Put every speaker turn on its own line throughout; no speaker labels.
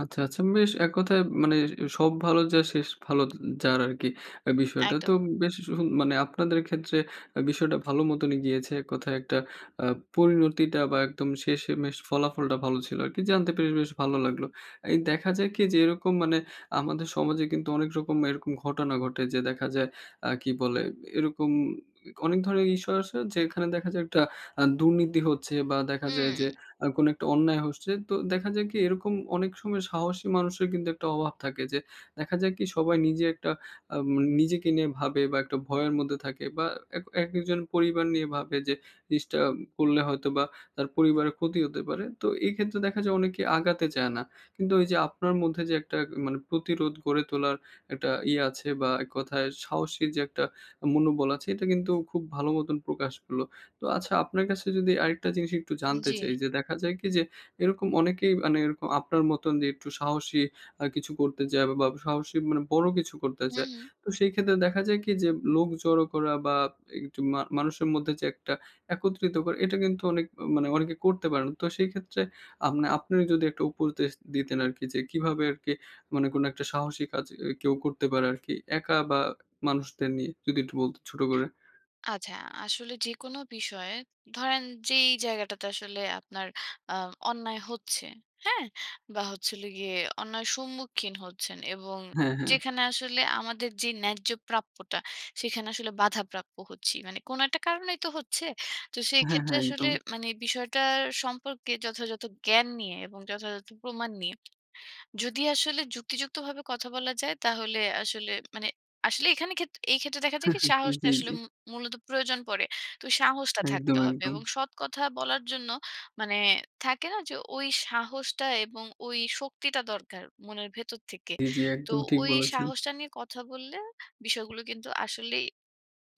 আচ্ছা, আচ্ছা বেশ। এক কথায় ম মানে, 'সব ভালো যার শেষ ভালো এয যার' আরকি এ্যা বিষয়টা। তো
একদম।
উম বেশ উ মানে আপনাদের ক্ষেত্রে অ্যাঁ বিষয়টা ভালো মতনই গিয়েছে এক কথায় একটা অ্যা পরিণতিটা বা একদম শেষেমেশ ফলাফলটা ভালো ছিল আরকি, জানতে পেরে বেশ ভালো লাগলো। এই দেখা যায় কি যে এরকম মানে আমাদের সমাজে কিন্তু অনেক রকম এরকম ঘটনা ঘটে; যে দেখা যায় অ্যা কী বলে, এরকম অনেক ধরনের ইস্যু আসে যেখানে দেখা যায়, একটা অ্যা দুর্নীতি হচ্ছে বা দেখা যায় যে
হুম।
আ কোনো একটা অন্যায় হচ্ছে। তো দেখা যায় কি এরকম অনেক সময় সাহসী মানুষের কিন্তু একটা অভাব থাকে যে, দেখা যায় কি, সবাই নিজে একটা আম এ নিজেকে নিয়ে ভাবে বা একটা ভয়ের মধ্যে থাকে বা এক একেকজন পরিবার নিয়ে ভাবে; যে জিনিসটা করলে হয়তোবা তার পরিবারের ক্ষতি হতে পারে। তো এই ক্ষেত্রে দেখা যায় অনেকে আগাতে চায় না। কিন্তু ওই যে আপনার মধ্যে যে একটা এ মানে প্রতিরোধ গড়ে তোলার একটা ইয়া আছে বা এক কথায় সাহসী যে একটা মনোবল আছে, এটা কিন্তু খুব ভালো মতন প্রকাশ হলো। তো আচ্ছা আপনার কাছে যদি আরেকটা জিনিস একটু জানতে
জ্বী।
চাই যে দেখা যায় কি যে, এরকম অনেকেই মানে এরকম আপনার মতন যে একটু সাহসী, আ কিছু করতে চায় বা বা সাহসী মানে বড়ো কিছু করতে
হুম,
চায়;
হুম।
তো সেই ক্ষেত্রে দেখা যায় কি যে, লোক জড়ো করা বা একটু মা মানুষের মধ্যে যে একটা একত্রিত করা; এটা কিন্তু অনেক মানে অনেকে করতে পারেনা। তো সেই ক্ষেত্রে আ মানে আপনি যদি একটা উপদেশ দিতেন আরকি যে, কীভাবে আরকি মানে কোনো একটা সাহসী কাজ এ কেউ করতে পারে আরকি একা বা মানুষদের নিয়ে? যদি একটু বলতেন ছোট করে।
আচ্ছা। আসলে যেকোনো বিষয়ে ধরেন যেই জায়গাটাতে আসলে আপনার আ অন্যায় হচ্ছে, হ্যাঁ? বা হচ্ছিলো গিয়ে অন্যায়ের সম্মুখীন হচ্ছেন এবং
হ্যাঁ, হ্যাঁ।
যেখানে আসলে আমাদের যে ন্যায্য প্রাপ্যটা, সেখানে আসলে বাধাপ্রাপ্য হচ্ছি। মানে কোনো একটা কারণেই তো হচ্ছে। তো সেই
হ্যাঁ,
ক্ষেত্রে
হ্যাঁ।
আসলে
একদম।
মানে বিষয়টার সম্পর্কে যথাযথ জ্ঞান নিয়ে এবং যথাযথ প্রমাণ নিয়ে যদি আসলে যুক্তিযুক্তভাবে কথা বলা যায়, তাহলে আসলে মানে আসলে এখানে ক্ষেত্র এই ক্ষেত্রে দেখা যায় কি সাহসটা
জ্বী,
আসলে
জ্বী।
মু মূলত প্রয়োজন পড়ে। তো সাহসটা
একদম,
থাকতে হবে।
একদম।
এবং সৎ কথা বলার জন্য মানে থাকে না যে, ওই সাহসটা এবং ওই শক্তিটা দরকার মনের ভেতর থেকে।
জি, জি,
তো
একদম ঠিক
ওই
বলেছেন।
সাহসটা নিয়ে কথা বললে, বিষয়গুলো কিন্তু আসলেই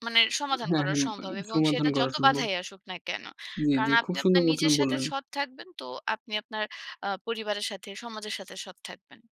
মানে সমাধান
হ্যাঁ,
করা
হ্যাঁ,
সম্ভব।
মানে
এবং
সমাধান
সেটা
করা
যত
সম্ভব।
বাধাই আসুক না কেনো?
জ্বী,
কারণ
জ্বী। খুব
আপনি
সুন্দর
আপনার
মতন
নিজের সাথে
বললেন।
সৎ থাকবেন তো আপনি আপনার অ্যা পরিবারের সাথে, সমাজের সাথে সৎ থাকবেন।